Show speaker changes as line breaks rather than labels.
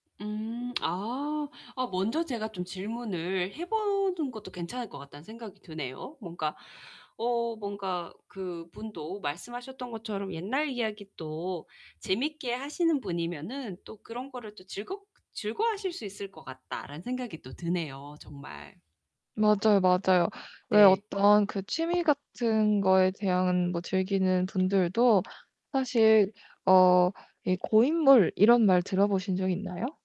음 아. 아 '먼저 제가 좀 질문을 해 보는 것도 괜찮을 것 같다.'는 생각이 드네요. 뭔가 어 뭔가 그분도 말씀하셨던 것처럼 옛날 이야기 또 재밌게 하시는 분이면은 또 그런거를 또 '즐겁 즐거워하실 수 있을 것 같다.'라는 생각이 또 드네요, 정말.
맞아요, 맞아요. 왜
네.
어떤 그 취미 같은 거에 대한 뭐 즐기는 분들도 사실 어 이 고인물 이런 말 들어 보신 적 있나요?